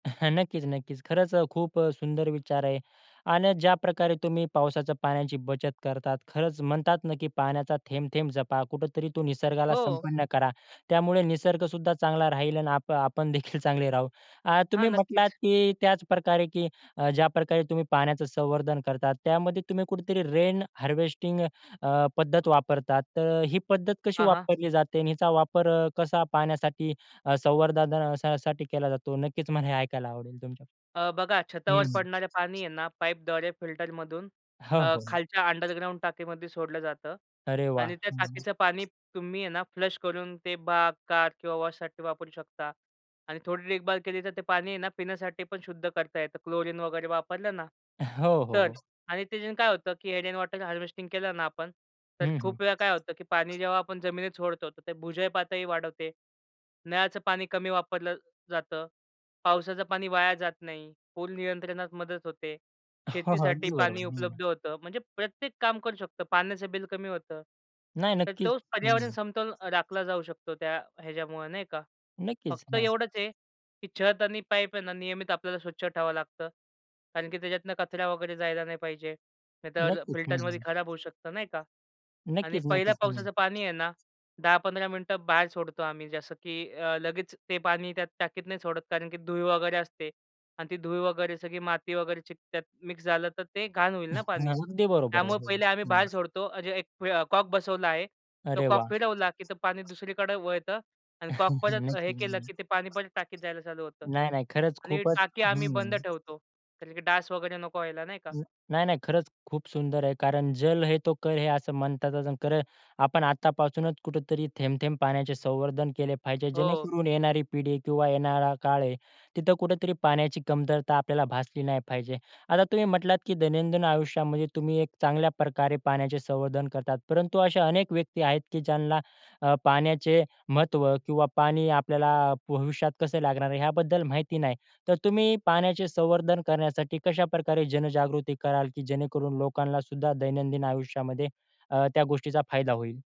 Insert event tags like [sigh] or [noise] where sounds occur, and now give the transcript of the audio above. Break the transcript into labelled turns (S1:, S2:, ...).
S1: [chuckles] नक्कीच, नक्कीच. खरंच अ, खूप अ, सुंदर विचार आहे अन ज्याप्रकारे तुम्ही पावसाच्या पाण्याची बचत करतात, खरंच म्हणतात ना की पाण्याचा थेंब-थेंब जपा कुठेतरी तो निसर्गाला
S2: हो.
S1: संपन्न करा. त्यामुळे निसर्गसुद्धा चांगला राहील आणि आप आपणदेखील चांगले राहू. अ,
S2: हां,
S1: तुम्ही म्हटलात,
S2: नक्कीच.
S1: की त्याचप्रकारे की ज्याप्रकारे तुम्ही पाण्याचं संवर्धन करतात, त्यामध्ये तुम्ही कुठेतरी रेन हार्वेस्टिंग अ, पद्धत वापरतात, तर ही पद्धत कशी
S2: हां, हां.
S1: वापरली जाते आणि हिचा वापर अ, कसा पाण्यासाठी अ, संवर्ध धना अ, ...साठी केला जातो. नक्कीच मला हे ऐकायला आवडेल तुमच्याकडून?
S2: अ, बघा
S1: हं,
S2: छतावर
S1: हं.
S2: पडणारे पाणी आहे ना, पाईपद्वारे फिल्टरमधून
S1: हो,
S2: अ,
S1: हो.
S2: खालच्या अंडरग्राउंड टाकीमध्ये सोडलं जातं
S1: अरे वाह!
S2: आणि त्या
S1: हं.
S2: टाकीचं पाणी तुम्ही आहे ना फ्लश करून ते बाग, कार किंवा वॉशसाठी वापरू शकता आणि थोडी देखभाल केली, तर ते पाणी आहे ना, पिण्यासाठी पण शुद्ध करता येतं. क्लोरीन वगैरे वापरलं ना
S1: [chuckles] हो, हो,
S2: तर.
S1: हो.
S2: आणि ते काय होतं की रेन वॉटर हार्वेस्टिंग केलं ना आपण, तर
S1: हं, हं.
S2: खूप वेळा काय होतं की पाणी जेव्हा आपण जमिनीत सोडतो, तर ते भुजल पातळी वाढवते, नळाचं पाणी कमी वापरलं जातं, पावसाचं पाणी वाया जात नाही, पूर नियंत्रणात मदत होते,
S1: हो, हो.
S2: शेतीसाठी
S1: अगदी
S2: पाणी
S1: बरोबर.
S2: उपलब्ध होतं. म्हणजे प्रत्येक काम करू शकतं. पाण्याचं बिल कमी होतं.
S1: नाही
S2: तर
S1: नक्कीच.
S2: तोच पर्यावरण
S1: हं.
S2: समतोल अ, राखला जाऊ शकतो त्या ह्याच्यामुळं नाही का?
S1: नक्कीच,
S2: फक्त
S1: हां.
S2: एवढंच आहे, की छत आणि पाईप आहे ना, नियमित आपल्याला स्वच्छ ठेवावं लागतं, कारण की त्याच्यातनं कचरा वगैरे जायला नाही पाहिजे. नाहीतर अ,
S1: नक्कीच. हं,
S2: फिल्टरमध्ये
S1: हं.
S2: खराब होऊ शकत नाही का. आणि
S1: नक्कीच,
S2: पहिल्या
S1: नक्कीच.
S2: पावसाचं पाणी आहे ना 10-15 मिनिटं बाहेर सोडतो आम्ही. जसं की अ, लगेच ते पाणी त्यात टाकीत नाही सोडत, कारण की धुळ वगैरे असते आणि ती धुळ वगैरे सगळी माती वगैरे चिकटात. त्यात मिक्स झालं, तर ते घाण होईल ना पाणी.
S1: अगदी बरोबर
S2: त्यामुळे
S1: आहे. हो.
S2: पहिले आम्ही
S1: हं.
S2: बाहेर सोडतो. अ, जे एक कॉक बसवला आहे तो
S1: अरे
S2: कॉक
S1: वाह!
S2: फिरवला, की ते पाणी दुसरीकडे वळतं आणि कॉक
S1: [chuckles]
S2: परत हे
S1: नक्की.
S2: केलं, की ते
S1: नाही,
S2: पाणी परत टाकीत जायला चालू होतं.
S1: नाही. खरंच
S2: आणि
S1: खूपच
S2: टाकी आम्ही
S1: हं
S2: बंद ठेवतो, कारण की डास वगैरे नको व्हायला नाही का.
S1: नाही, नाही. खरंच खूप सुंदर आहे. कारण जल हे तो कल है असं म्हणतात. कल आपण आत्तापासूनच कुठेतरी थेंब-थेंब पाण्याचे संवर्धन केले पाहिजे,
S2: हो.
S1: जेणेकरून येणारी पिढी आहे किंवा येणारा काळ आहे तिथे कुठेतरी पाण्याची कमतरता आपल्याला भासली नाही पाहिजे. आता तुम्ही म्हटलात की दैनंदिन आयुष्यामध्ये तुम्ही एक चांगल्याप्रकारे पाण्याचे संवर्धन करतात. परंतु अशा अनेक व्यक्ती आहेत की ज्यांना अ, पाण्याचे महत्व किंवा पाणी आपल्याला अ, भविष्यात कसे लागणार आहे ह्याबद्दल माहिती नाही. तर तुम्ही पाण्याचे संवर्धन करण्यासाठी कशाप्रकारे जनजागृती कराल, की जेणेकरून लोकांनासुद्धा दैनंदिन आयुष्यामध्ये अ, त्या गोष्टीचा फायदा होईल?